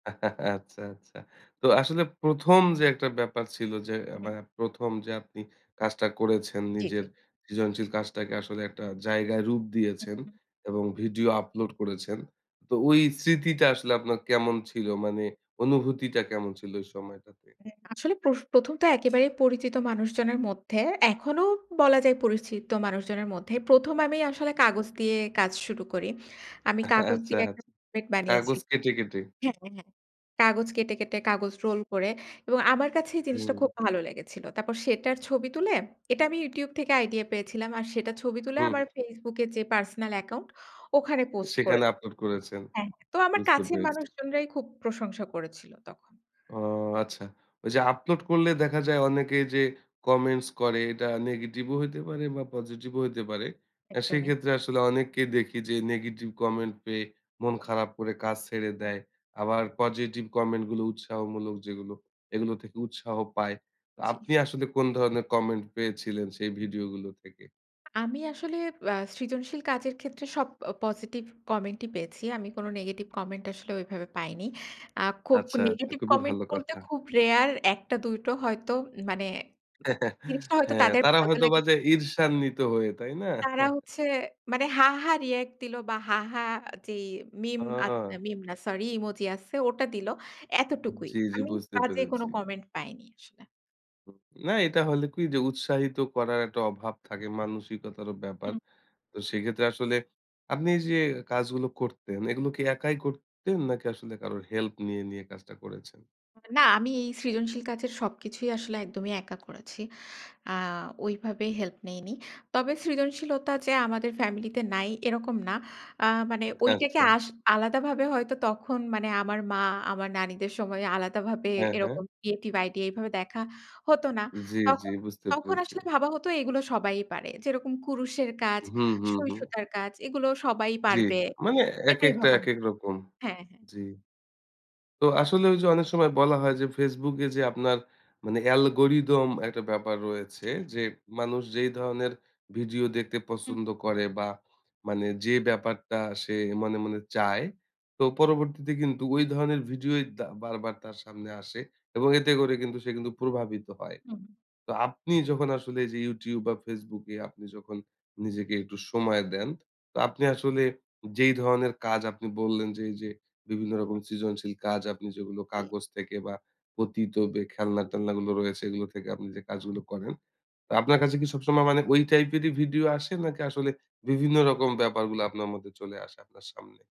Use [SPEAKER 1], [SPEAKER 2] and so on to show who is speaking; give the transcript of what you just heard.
[SPEAKER 1] আচ্ছা, আচ্ছা। তো আসলে ১ম যে একটা ব্যাপার ছিল যে অ্যা বা
[SPEAKER 2] হুম।
[SPEAKER 1] ১ম যে আপনি কাজটা করেছেন
[SPEAKER 2] জ্বী,
[SPEAKER 1] নিজের
[SPEAKER 2] জ্বী।
[SPEAKER 1] সৃজনশীল কাজটাকে আসলে একটা জায়গায় রূপ
[SPEAKER 2] হুম,
[SPEAKER 1] দিয়েছেন
[SPEAKER 2] হুম।
[SPEAKER 1] এবং ভিডিও আপলোড করেছেন, তো ওই স্মৃতিটা আসলে আপনার কেমন ছিল? মানে অনুভূতিটা কেমন ছিল ওই সময়টাতে?
[SPEAKER 2] হুম, আসলে প্রস ১ম তো একেবারেই পরিচিত মানুষজনের মধ্যে। এখনও বলা যায় পরিচিত মানুষজনের মধ্যে। ১ম আমি আসলে কাগজ দিয়ে কাজ শুরু করি। আমি কাগজ
[SPEAKER 1] আচ্ছা,
[SPEAKER 2] দিয়ে একটা
[SPEAKER 1] আচ্ছা।
[SPEAKER 2] [unintelligible] বানিয়েছি
[SPEAKER 1] কাগজ কেটে, কেটে।
[SPEAKER 2] হ্যাঁ, হ্যাঁ কাগজ কেটে, কেটে কাগজ রোল করে এবং আমার কাছেই জিনিসটা খুব
[SPEAKER 1] হুম।
[SPEAKER 2] ভালো লেগেছিল। তারপর সেটার ছবি তুলে এটা আমি YouTube থেকে আইডিয়া পেয়েছিলাম। আর সেটার ছবি তুলে
[SPEAKER 1] হুম।
[SPEAKER 2] আমার Facebook এ যে পার্সোনাল অ্যাকাউন্ট ওখানে পোস্ট
[SPEAKER 1] সেখানে
[SPEAKER 2] করেছি।
[SPEAKER 1] আপলোড করেছেন।
[SPEAKER 2] হ্যাঁ, হ্যাঁ। তো আমার
[SPEAKER 1] বুঝতে
[SPEAKER 2] কাছের
[SPEAKER 1] পেরেছি।
[SPEAKER 2] মানুষজনরাই খুব প্রশংসা করেছিল তখন।
[SPEAKER 1] ও আচ্ছা। ওইযে আপলোড করলে দেখা যায়, অনেকে যে কমেন্টস করে এটা নেগেটিভও হইতে পারে বা পজিটিভও হইতে পারে। অ্যা
[SPEAKER 2] একদমই।
[SPEAKER 1] সেক্ষেত্রে আসলে অনেককে দেখি যে নেগেটিভ কমেন্ট পেয়ে মন খারাপ করে কাজ ছেড়ে
[SPEAKER 2] হুম।
[SPEAKER 1] দেয়। আবার পজিটিভ কমেন্ট গুলো উৎসাহমূলক যেগুলো, এগুলো থেকে উৎসাহ পায়। তো
[SPEAKER 2] জ্বী।
[SPEAKER 1] আপনি আসলে কোন ধরনের কমেন্ট পেয়েছিলেন সেই ভিডিও গুলো থেকে?
[SPEAKER 2] আমি আসলে অ্যা সৃজনশীল কাজের ক্ষেত্রে সব অ পজিটিভ কমেন্টই পেয়েছি। আমি কোনো নেগেটিভ কমেন্ট আসলে ওইভাবে পাইনি। আ খুব
[SPEAKER 1] আচ্ছা, আচ্ছা
[SPEAKER 2] নেগেটিভ
[SPEAKER 1] খুবই
[SPEAKER 2] কমেন্ট
[SPEAKER 1] ভালো
[SPEAKER 2] বলতে
[SPEAKER 1] কথা।
[SPEAKER 2] খুব rare ১ টা ২ টো হয়তো মানে জিনিসটা হয়তো
[SPEAKER 1] হ্যাঁ,
[SPEAKER 2] তাদের
[SPEAKER 1] তারা
[SPEAKER 2] ভালো
[SPEAKER 1] হয়তোবা
[SPEAKER 2] লাগেনি
[SPEAKER 1] যে ঈর্ষান্বিত হয়ে। তাই না?
[SPEAKER 2] তারা হচ্ছে মানে হা-হা রিঅ্যাক্ট দিল বা হা হা যেই মিম আত
[SPEAKER 1] ও!
[SPEAKER 2] মিম না সরি ইমোজি আছে ওটা দিল। এতটুকুই,
[SPEAKER 1] জ্বি, জ্বি
[SPEAKER 2] আমি
[SPEAKER 1] বুঝতে
[SPEAKER 2] বাজে কোনো
[SPEAKER 1] পেরেছি।
[SPEAKER 2] কমেন্ট পাইনি আসলে।
[SPEAKER 1] না এটা হইলে কি যে উৎসাহিত করার একটা অভাব থাকে মানসিকতারও ব্যাপার।
[SPEAKER 2] হুম।
[SPEAKER 1] তো সেক্ষেত্রে আসলে আপনি যে কাজগুলো করতেন, এগুলো কি একাই করতেন নাকি আসলে কারোর হেল্প নিয়ে, নিয়ে কাজটা করেছেন?
[SPEAKER 2] না আমি এই সৃজনশীল কাজের সবকিছুই আসলে একদমই একা করেছি। আ ওইভাবে হেল্প নেইনি। তবে সৃজনশীলতা যে আমাদের ফ্যামিলিতে নাই এরকম না। আ মানে ঐটাকে
[SPEAKER 1] আচ্ছা।
[SPEAKER 2] আস আলাদাভাবে হয়তো তখন মানে আমার মা আমার নানীদের সময় আলাদাভাবে
[SPEAKER 1] হ্যাঁ, হ্যাঁ।
[SPEAKER 2] এরকম ক্রিয়েটিভ আইডিয়া এভাবে দেখা হতো না।
[SPEAKER 1] জ্বি, জ্বি
[SPEAKER 2] তখন,
[SPEAKER 1] বুঝতে
[SPEAKER 2] তখন
[SPEAKER 1] পেরেছি।
[SPEAKER 2] আসলে ভাবা হতো এইগুলো সবাই পারে। যেরকম কুরুশের কাজ,
[SPEAKER 1] হুম, হুম, হুম।
[SPEAKER 2] সুঁই-সুতার কাজ এগুলো সবাই
[SPEAKER 1] জ্বি।
[SPEAKER 2] পারবে।
[SPEAKER 1] মানে
[SPEAKER 2] এটাই
[SPEAKER 1] একেকটা
[SPEAKER 2] ভাবা হ
[SPEAKER 1] একেক রকম।
[SPEAKER 2] হ্যাঁ, হ্যাঁ।
[SPEAKER 1] জ্বি। তো আসলে ওইযে অনেক সময় বলা হয় যে Facebook এ যে আপনার মানে অ্যালগরিদম একটা ব্যাপার রয়েছে,
[SPEAKER 2] [unintelligible]
[SPEAKER 1] যে মানুষ যেই ধরনের ভিডিও দেখতে
[SPEAKER 2] হুম।
[SPEAKER 1] পছন্দ করে বা মানে যে ব্যাপারটা সে মনে, মনে চায় তো পরবর্তীতে কিন্তু ঐ ধরনের ভিডিও দা বারবার তার সামনে আসে। এবং এতে করে কিন্তু সে কিন্তু প্রভাবিত হয়।
[SPEAKER 2] হুম।
[SPEAKER 1] তো আপনি যখন আসলে এই যে YouTube বা Facebook এ আপনি যখন নিজেকে একটু সময় দেন, তো আপনি আসলে যেই ধরনের কাজ আপনি বললেন যে এইযে বিভিন্ন রকম সৃজনশীল কাজ আপনি যেগুলো
[SPEAKER 2] জি।
[SPEAKER 1] কাগজ থেকে বা পতিত বে খেলনা-টেলনা গুলো রয়েছে এগুলো থেকে আপনি যে কাজগুলো করেন। তো আপনার কাছে কি সবসময় মানে ওই টাইপেরই ভিডিও আসে? নাকি আসলে বিভিন্ন রকম ব্যাপারগুলা আপনার মধ্যে চলে আসে আপনার সামনে?